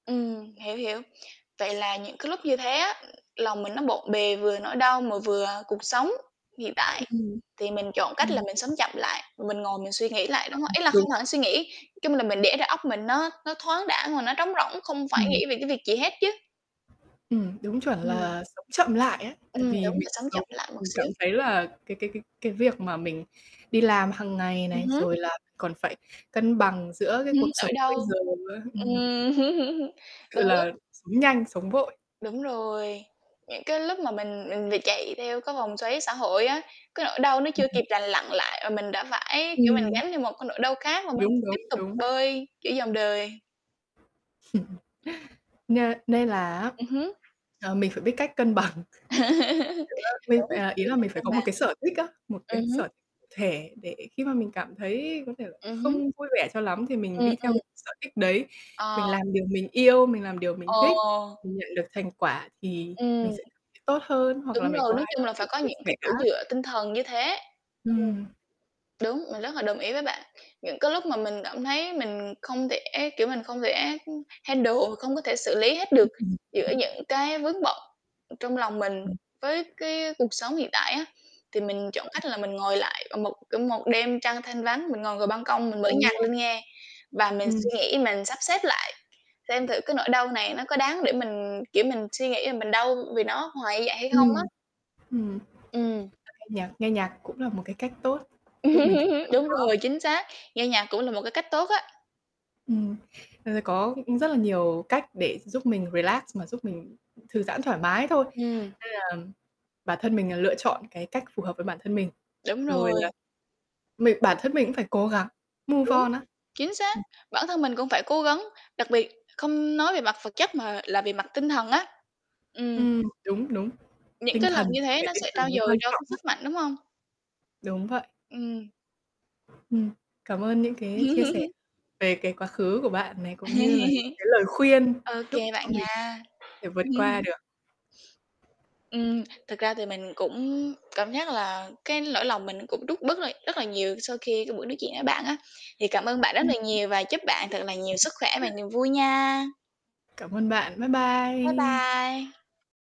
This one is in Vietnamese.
Ừm. Hiểu, hiểu. Vậy là những cái lúc như thế á, ừm, lòng mình nó bộn bề vừa nỗi đau mà vừa cuộc sống. Hiện tại, Ừm. thì mình chọn cách là Ừm. mình sống chậm lại, mình ngồi mình suy nghĩ lại đúng rồi, ý là [unintelligible] không hẳn suy nghĩ, nói chung là mình để đầu óc mình nó nó thoáng đãng và nó trống rỗng không phải Ừm. nghĩ về cái việc gì hết chứ. Ừm. Đúng chuẩn Ừm. là sống chậm lại á, Ừm, tại vì đúng mình rồi sống sống chậm lại một mình cảm xíu. thấy là cái cái cái cái việc mà mình đi làm hằng ngày Ừm này hứm. rồi là còn phải cân bằng giữa cái Ừm, cuộc nỗi sống bây đau. giờ á. Ừm. Ừm. Đôi Ừ, lúc là sống nhanh, sống vội. Đúng rồi. Những cái lúc mà mình mình bị chạy theo cái vòng xoáy xã hội á, cái nỗi đau nó chưa kịp lành lặn lại mà mình đã phải, kiểu, mình Ừm. gánh theo một cái nỗi đau khác và mình Đúng, tiếp đúng, tục đúng. bơi, kiểu, dòng đời. Nê nên là á, Ừm hứm. ờ, mình phải biết cách cân bằng. Kiểu, á, mình phải, Đúng, à, ý biết là cách mình phải có cân một bằng. cái sở thích á, một cái Ừm hứm. sở thể để khi mà mình cảm thấy có thể là Ừm hứm. không vui vẻ cho lắm thì mình Ừm, đi theo cái ừm. sở thích đấy. Mình Ờ. làm điều mình yêu, mình làm điều mình Ờ. thích, mình nhận được thành quả thì Ừm. mình sẽ c tốt hơn hoặc là Đúng mình rồi. có Nói ai chung có là thể phải có chia những sẻ cái chỗ á. dựa tinh thần như thế. Ừm. Ừm. Đúng, mình rất là đồng ý với bạn. Những cái lúc mà mình cảm thấy mình không thể, kiểu, mình không thể, ưm, handle, không có thể xử lý hết được Ừm, ừm. giữa những cái vướng bận, ừ, trong lòng mình Ừm. với cái cuộc sống hiện tại á, thì mình chọn cách là mình ngồi lại ở một ở một đêm trăng thanh vắng, mình ngồi ngồi ban công mình mở Ồ! nhạc lên nghe và mình suy Ừm. nghĩ mình sắp xếp lại, xem thử cái nỗi đau này nó có đáng để mình kiểu mình suy nghĩ là mình đau vì nó hoài như vậy hay Ừ. không á. Ừm. Ờ, Ừm. nghe nhạc nghe nhạc cũng là một cái cách tốt giúp mình tỉnh Đúng đầu óc. rồi, chính xác. Nghe nhạc cũng là một cái cách tốt á. Ừm. Ờ, có, ư, rất là nhiều cách để giúp mình relax và giúp mình thư giãn thoải mái thôi. Ừm. Nên là bản thân mình l lựa chọn cái cách phù hợp với bản thân mình. Đúng Rồi rồi. là, mình bản thân mình cũng phải cố gắng move Đúng. on á. Chính xác. Ừm. Bản thân mình cũng phải cố gắng. Đặc biệt không nói về mặt vật chất mà là về mặt tinh thần á. Ừm. Ừm. Đúng, đúng. Những Tinh cái lần thần, như sức thế khỏe nó tinh sẽ trau thần mới dồi quan cho cái trọng á. sức mạnh, đúng hông? Đúng vậy. Ừm. Ừm. Cảm ơn những cái chia sẻ về cái quá khứ của bạn này cũng như là những cái lời khuyên Ô giúp kê cho bạn mình nha. thể vượt qua được. Ừm. Thực ra thì mình cũng cảm giác là cái lỗi lòng mình cũng rút bớt rồi rất là nhiều sau khi cái buổi nói chuyện với bạn á. Thì cảm ơn bạn rất là [unintelligible] nhiều và chúc bạn thật là nhiều sức khỏe và niềm vui nha. Cảm ơn bạn. Bye Bye bye. bye.